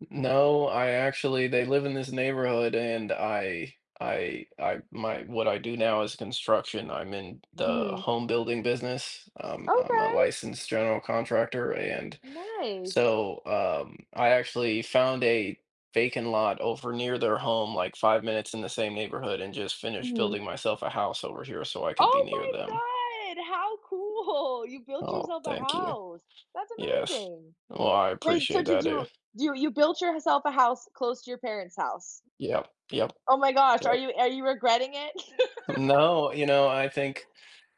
N no, I actually they live in this neighborhood, and I I I my what I do now is construction, I'm in the Mhm. home building business. Um, I'm a Okay. licensed general contractor, and Nice. so, um, I actually found a vacant lot over near their home, like, 5 minutes in the same neighborhood and just finished Mhm. building myself a house over here so I could be Oh near them. my god, how cool! You built Oh, yourself a thank you. house. That's Yes. amazing! Well, I Wait, so, appreciate that, did I do. you do you you built yourself a house close to your parents' house? Yep, yep. Oh my gosh, are Yep. you are you regretting it? N no, you know, I think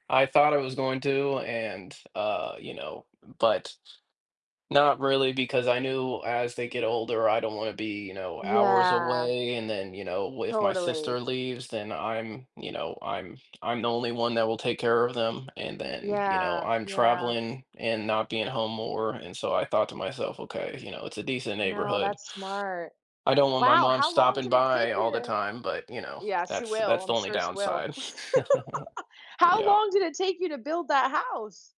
I thought I was going to and, uh, you know but not really because I knew as they get older, I don't want to be, you know, hours Yeah. away, and then, you know, wh if my Totally. sister leaves, then I'm you know, I'm I'm the only one that will take care of them, and then, you know, Yeah. I'm Yeah. traveling and not being home more, and so, I thought to myself, "Okay, you know, it's a decent No, neighborhood." that's smart. I don't want my Wow! mom How long stopping did it take by you all the to time, but, you know, Yeah, she that's will, that's the I'm only sure she will. downside. How Yep. long did it take you to build that house?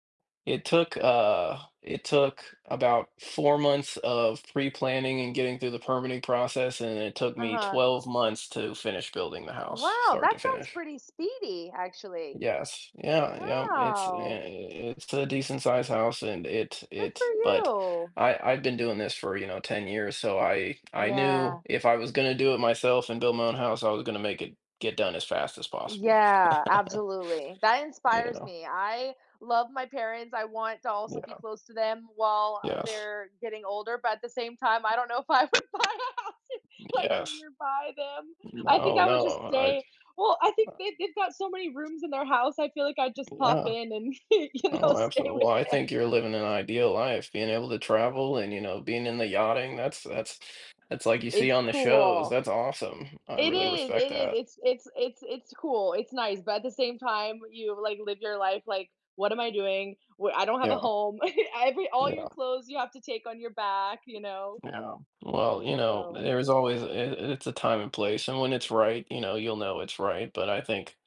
It took, uh it took about 4 months of pre-planning and getting through the permitting process, and it took me Uh-huh. 12 months to finish building the house Wow, start that to sounds finish. pretty speedy, actually. Yes. Yeah, yep, it's yeah, Wow. i it's a decent-sized house, and it Good for it but you. I I've been doing this for, you know, 10 years, so I I knew Yeah. if I was gonna do it myself and build my own house, I was gonna make it get done as fast as possible, Yeah, absolutely. That you inspires know? me, I love my parents, I want to also be Yeah. close to them while Yes. they're getting older, but at the same time, I don't know if I would buy a house, like, Yes. nearby them. I think No, I would just no, I've, stay Well, I think uh they've they've got so many rooms in their house, I feel like I'd just pop Yeah. in and, y you know, Oh, stay absolute well, with I them. think you're living an ideal life, being able to travel and, you know, being into yachting, that's that's that's like you see It's on the shows, cool. that's awesome. I It really is, respect it is, that. it's it's it's it's cool, it's nice, but at the same time, you, like, live your life, like, "What am I doing? Wh I don't have a Yeah. home." I'd be all your Yeah. clothes you have to take on your back, you know Yeah. Well, you know, so there is always it it's a time and place, and when it's right, you know, you'll know it's right, but I think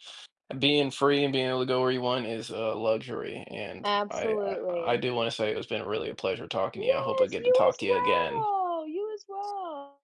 being free and being able to go where you want is a luxury and I I I Absolutely. do wanna say it's been really a pleasure talking to you, I hope I Yes, get to you talk as to you again. well, you as well.